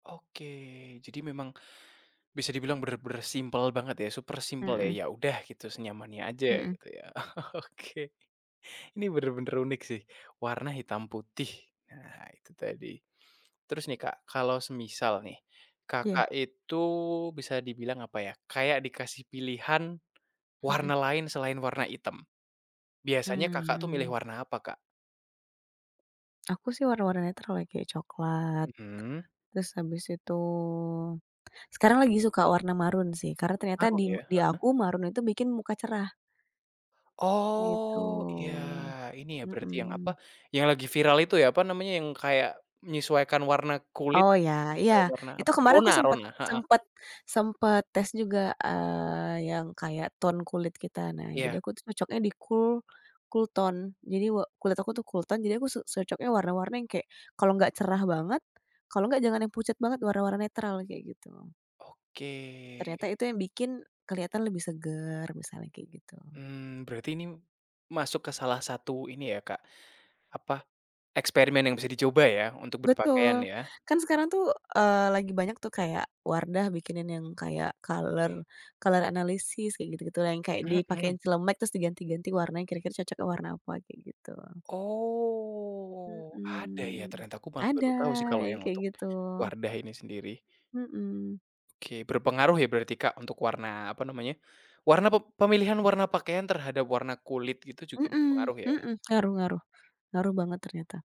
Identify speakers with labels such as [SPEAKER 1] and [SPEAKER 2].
[SPEAKER 1] Oke, jadi memang, bisa dibilang bener-bener simpel banget ya super simpel ya,
[SPEAKER 2] Mhm.
[SPEAKER 1] ya udah gitu senyamannya aja
[SPEAKER 2] Mhm.
[SPEAKER 1] gitu ya. Oke, ini bener-bener unik sih, warna hitam putih. Nah itu tadi. Terus nih, Kak, kalau semisal nih Kakak
[SPEAKER 2] Iya.
[SPEAKER 1] itu bisa dibilang, apa ya, kayak dikasih pilihan
[SPEAKER 2] Mhm.
[SPEAKER 1] warna lain selain warna item, biasanya Kakak tuh milih
[SPEAKER 2] Mmm.
[SPEAKER 1] warna apa, Kak?
[SPEAKER 2] Aku sih warna-warna yang netral ya, kayak coklat,
[SPEAKER 1] Mhm.
[SPEAKER 2] terus habis itu sekarang lagi suka warna maroon sih karena ternyata
[SPEAKER 1] Oh
[SPEAKER 2] di
[SPEAKER 1] iya?
[SPEAKER 2] di
[SPEAKER 1] Heeh.
[SPEAKER 2] aku maroon itu bikin muka cerah.
[SPEAKER 1] Oh iya.
[SPEAKER 2] GItu,
[SPEAKER 1] Ini ya berarti yang apa,
[SPEAKER 2] mhm.
[SPEAKER 1] yang lagi viral itu ya, apa namanya, yang kayak menyesuaikan warna kulit
[SPEAKER 2] Oh ya, iya,
[SPEAKER 1] ke warna
[SPEAKER 2] itu
[SPEAKER 1] apa sih,
[SPEAKER 2] kemarin aku
[SPEAKER 1] rona
[SPEAKER 2] sempet
[SPEAKER 1] rona heeh.
[SPEAKER 2] sempet sempet tes juga, eee, yang kayak tone kulit kita. Nah jadi
[SPEAKER 1] Iya.
[SPEAKER 2] aku cocoknya di cool, cool tone. Jadi wa kulit aku tuh cool tone jadi aku su cocoknya warna-warna yang kayak, kalau enggak cerah banget kalau enggak jangan yang pucat banget warna-warna netral kayak gitu. Ternyata
[SPEAKER 1] Oke.
[SPEAKER 2] itu yang bikin keliatan lebih seger, misalnya kayak gitu.
[SPEAKER 1] Mmm, berarti ini masuk ke salah satu ini ya, Kak, apa, eksperimen yang bisa dicoba ya untuk berpakaian
[SPEAKER 2] Betul,
[SPEAKER 1] ya?
[SPEAKER 2] kan sekarang tuh, eee, lagi banyak tuh kayak Wardah bikinin yang kayak color, color analisis kayak gitu-gitu yang kayak
[SPEAKER 1] Mhm.
[SPEAKER 2] dipakein celemek terus diganti-ganti warnanya kira-kira cocoknya warna apa, kayak gitu.
[SPEAKER 1] Oh, ada ya
[SPEAKER 2] Mhm,
[SPEAKER 1] ternyata, aku malah
[SPEAKER 2] ada
[SPEAKER 1] baru tahu sih kalau
[SPEAKER 2] yang
[SPEAKER 1] yang
[SPEAKER 2] kayak
[SPEAKER 1] untuk
[SPEAKER 2] gitu.
[SPEAKER 1] Wardah ini sendiri.
[SPEAKER 2] Mhm.
[SPEAKER 1] Oke berpengaruh ya berarti, Kak, untuk warna apa namanya, warna pep pemilihan warna pakaian terhadap warna kulit itu juga
[SPEAKER 2] Mhm
[SPEAKER 1] berpengaruh ya?
[SPEAKER 2] mhm. Ngaruh ngaruh, ngaruh banget ternyata.